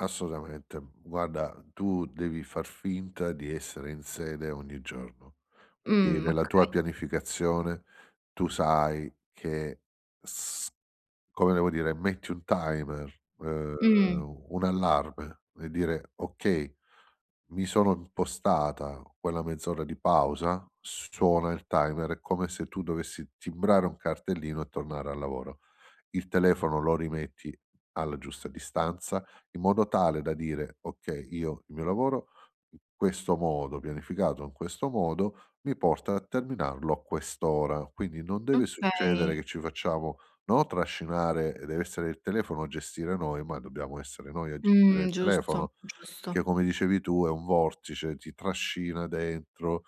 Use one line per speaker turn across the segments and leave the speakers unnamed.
Assolutamente. Guarda, tu devi far finta di essere in sede ogni giorno. Quindi
Mhmm,
nella tua
okay.
pianificazione tu sai che s come devo dire metti un timer, ehm,
Mh.
un un allarme e dire: "Okay, mi sono impostata quella mezz'ora di pausa." S suona il timer, è come se tu dovessi timbrare un cartellino e tornare al lavoro. Il telefono lo rimetti alla giusta distanza, in modo tale da dire: "Okay, io il mio lavoro in questo modo pianificato, in questo modo mi porta a terminarlo a quest'ora." Quindi non deve succedere
Okay.
che ci facciamo, no, trascinare, e dev'essere il telefono a gestire noi, ma dobbiamo essere noi a gestire
Mh.
il
Giusto,
telefono. Perché
giusto.
come dicevi tu è un vortice: ti trascina dentro,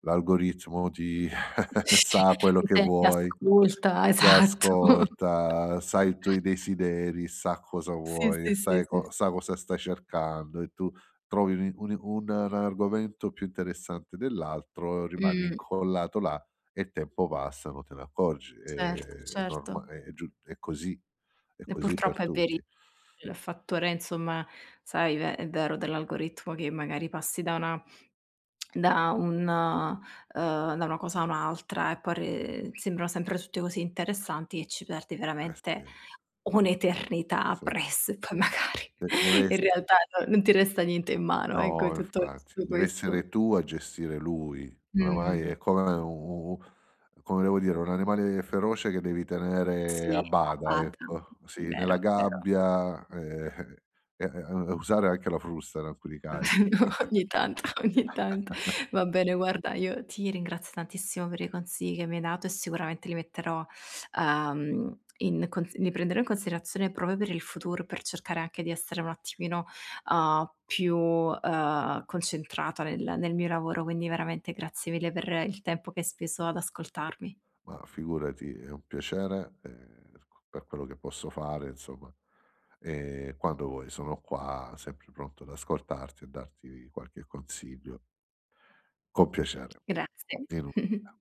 l'algoritmo ti sa quello
Ti
che
sente,
vuoi,
ascolta
ti
esatto.
ascolta, sai i tuoi desideri, sa cosa
Sì,
vuoi,
sì, sì,
sai
sì,
co
s
sa cosa stai cercando e tu trovi uni uni un argomento più interessante dell'altro, rimani
Mh.
incollato là e il tempo passa non te ne accorgi. È
Certo,
è
certo.
norma è gius è così è
E
così per
purtroppo è veri
tutti.
il fattore, insomma, sai ve è vero dell'algoritmo che magari passi da una da un ehm, da una cosa a un'altra e poi re sembrano sempre tutte così interessanti e ci perdi
Eh,
veramente
sì.
un'eternità
Sì.
appress e poi magari
Eh,
in
dev'esse
realtà non non ti resta niente in mano, ecco, è
No,
tutto
infatti,
tutto questo.
dev'essere tu a gestire lui. Oramai è
Mh.
come u u u come devo dire, un animale feroce che devi tenere
Sì,
a
a
bada
bada.
ecco. Sì, nella
Vero, vero.
gabbia e, eh-eh e e e usare anche la frusta in alcuni casi.
Vero, ogni tanto, ogni tanto. Va bene guarda, io ti ringrazio tantissimo per i consigli che mi hai dato e sicuramente li metterò, uhm, in consi li prenderò in considerazione proprio per il futuro, per cercare anche di essere un attimino, uhm, più, ehm, concentrata nel nel mio lavoro. Quindi veramente grazie mille per il tempo che hai speso ad ascoltarmi.
Ma figurati è un piacere, ehm, per qu per quello che posso fare insomma e quando vuoi sono qua sempre pronto ad ascoltarti e darti qualche consiglio. Con piacere,
Grazie.
di nulla.